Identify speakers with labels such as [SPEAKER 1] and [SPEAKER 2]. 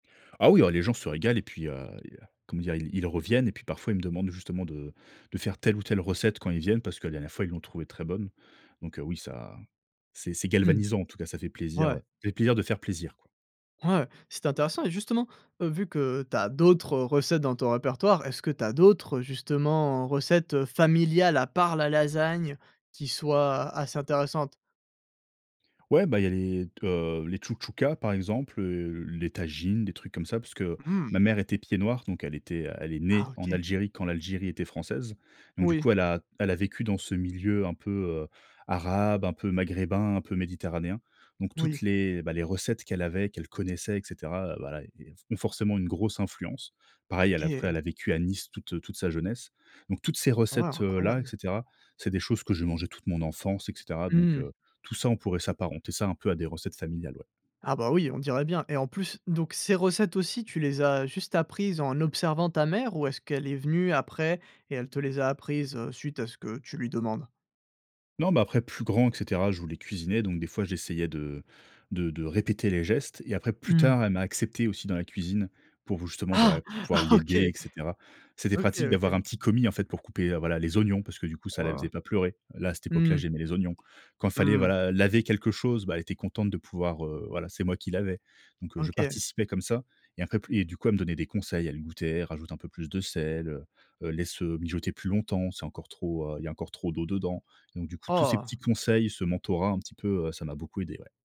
[SPEAKER 1] Ah oui, ah les gens se régalent et puis, heu, il y a comment dire? Ils ils reviennent et puis parfois, ils me demandent justement de de faire telle ou telle recette quand ils viennent parce que la dernière fois, ils l'ont trouvée très bonne. Donc heu, oui, ça, c'est c'est
[SPEAKER 2] Mmh,
[SPEAKER 1] galvanisant en tout cas, ça fait plaisir,
[SPEAKER 2] ouais.
[SPEAKER 1] heu, ça fait plaisir de faire plaisir, quoi.
[SPEAKER 2] Ouais c'était intéressant et justement, heu, vu que tu as d'autres recettes dans ton répertoire, est-ce que tu as d'autres, justement, recettes familiales, à part la lasagne, qui soient assez intéressantes?
[SPEAKER 1] Ouais, bah il y a les t heu, les tchoutchoukas par exemple, heu, les tajines, des trucs comme ça, parce que
[SPEAKER 2] Mmh.
[SPEAKER 1] ma mère était pied-noir, donc elle était, elle est née
[SPEAKER 2] Ah,
[SPEAKER 1] en
[SPEAKER 2] OK.
[SPEAKER 1] Algérie quand l'Algérie était française. Donc du
[SPEAKER 2] Oui.
[SPEAKER 1] coup, elle a elle a vécu dans ce milieu un peu, heu, arabe, un peu maghrébin, un peu méditerranéen. Donc toutes
[SPEAKER 2] Oui.
[SPEAKER 1] les, bah, les recettes qu'elle avait qu'elle connaissait et cetera heu, bah là heu, ont forcément une grosse influence. Pareil, elle a après
[SPEAKER 2] OK.
[SPEAKER 1] elle a la vécu à Nice toute heu, toute sa jeunesse, donc toutes ces
[SPEAKER 2] Ah,
[SPEAKER 1] recettes heu, là et
[SPEAKER 2] incroyable.
[SPEAKER 1] cetera, c'est des choses que je mangeais toute mon enfance et cetera donc
[SPEAKER 2] Mmh.
[SPEAKER 1] heu, tout ça, on pourrait s'apparenter ça un peu à des recettes familiales, ouais.
[SPEAKER 2] Ah bah oui, on dirait bien. Et en plus donc ces recettes aussi tu les as juste apprises en observant ta mère ou est-ce qu'elle est venue après et elle te les a apprises, heu, suite à ce que tu lui demandes?
[SPEAKER 1] Non, mais après plus grand et cetera je voulais cuisiner, donc des fois j'essayais de de de répéter les gestes et après plus
[SPEAKER 2] Mmh.
[SPEAKER 1] tard, elle m'a accepté aussi dans la cuisine pour justement, voilà,
[SPEAKER 2] Ah!
[SPEAKER 1] pouvoir l'aider et
[SPEAKER 2] OK!
[SPEAKER 1] cetera c'était
[SPEAKER 2] OK,
[SPEAKER 1] pratique
[SPEAKER 2] OK.
[SPEAKER 1] d'avoir un petit commis, en fait, pour couper, heu, voilà, les oignons parce que du coup, ça la
[SPEAKER 2] Waouh!
[SPEAKER 1] faisait pas pleurer. Là, à cette époque-là,
[SPEAKER 2] Mmh.
[SPEAKER 1] j'aimais les oignons. Quand fallait,
[SPEAKER 2] Mmh.
[SPEAKER 1] voilà, laver quelque chose, bah elle était contente de pouvoir, heu, voilà, c'est moi qui lavais. Donc heu, je
[SPEAKER 2] OK.
[SPEAKER 1] participais comme ça et après pl et du coup elle me donnait des conseils, elle goûtait, elle rajoutait un peu plus de sel, heu heu: «Laisse mijoter plus longtemps, c'est encore trop, heu, il y a encore trop d'eau dedans». Donc du coup, tous ces
[SPEAKER 2] Oh!
[SPEAKER 1] petits conseils, ce mentorat un petit peu, heu, ça m'a beaucoup aidé, ouais.